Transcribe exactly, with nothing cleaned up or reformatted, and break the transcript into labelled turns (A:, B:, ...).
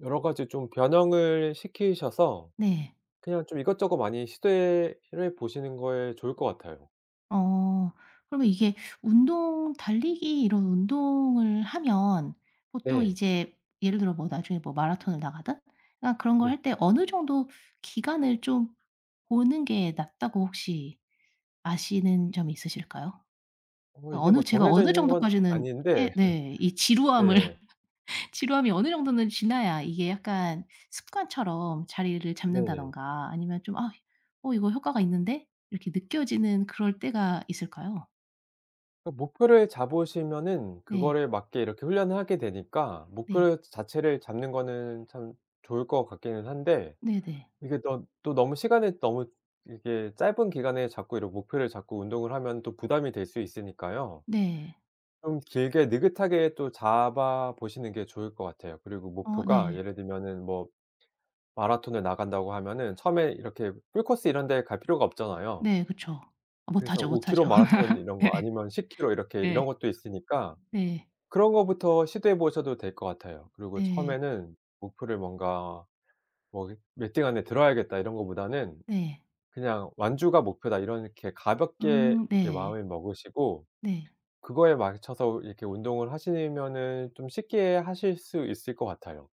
A: 여러 가지 좀 변형을 시키셔서
B: 네.
A: 그냥 좀 이것저것 많이 시도해 시도해 보시는 거에 좋을 것 같아요.
B: 어. 그러면 이게 운동 달리기 이런 운동을 하면 보통
A: 네.
B: 이제 예를 들어 뭐 나중에 뭐 마라톤을 나가든 그냥 그런 걸
A: 네.
B: 할 때 어느 정도 기간을 좀 보는 게 낫다고 혹시 아시는 점 있으실까요?
A: 어 이게 뭐
B: 어느 제가
A: 정해져
B: 어느
A: 있는 건
B: 정도까지는
A: 아닌데
B: 해 네 이 지루함을
A: 네.
B: 지루함이 어느 정도는 지나야 이게 약간 습관처럼 자리를
A: 네.
B: 잡는다든가 아니면 좀 '아 어 이거 효과가 있는데?' 이렇게 느껴지는 그럴 때가 있을까요?
A: 어 목표를 잡으시면은
B: 네.
A: 그거를 맞게 이렇게 훈련을 하게 되니까
B: 네.
A: 목표를 자 자체를 잡는 거는 참 좋을 것 같기는 한데
B: 네네.
A: 이게 던 또 너무 시간은 너무 이게 짧은 기간에 자꾸 이러고 목표를 잡고 운동을 하면은 또 부담이 될 수 있으니까요.
B: 네.
A: 좀 길게 느긋하게 또 잡아 보시는 게 좋을 것 같아요. 그리고
B: 어
A: 목표가
B: 네.
A: 예를 들면은 뭐 마라톤을 나간다고 하면은 처음에 이렇게 풀코스 이런 데 갈 필요가 없잖아요.
B: 네 그쵸.
A: 그래서
B: 못하죠,
A: 오 킬로
B: 못하죠.
A: 마라톤 이런 거
B: 예.
A: 아니면 십 킬로 이렇게
B: 네.
A: 이런 것도 있으니까
B: 네.
A: 그런 거부터 시도해 보셔도 될 것 같아요. 그리고
B: 네.
A: 처음에는 목표를 뭔가 뭐 그 '몇 등 안에 들어야겠다.' 이런 것보다는
B: 네.
A: 그냥 '완주가 목표다.' 이렇게 가볍게
B: 음.
A: 이렇게
B: 네.
A: 마음을 먹으시고
B: 네.
A: 그거에 맞춰서 이렇게 운동을 하시면은 좀 쉽게 하실 수 있을 것 같아요.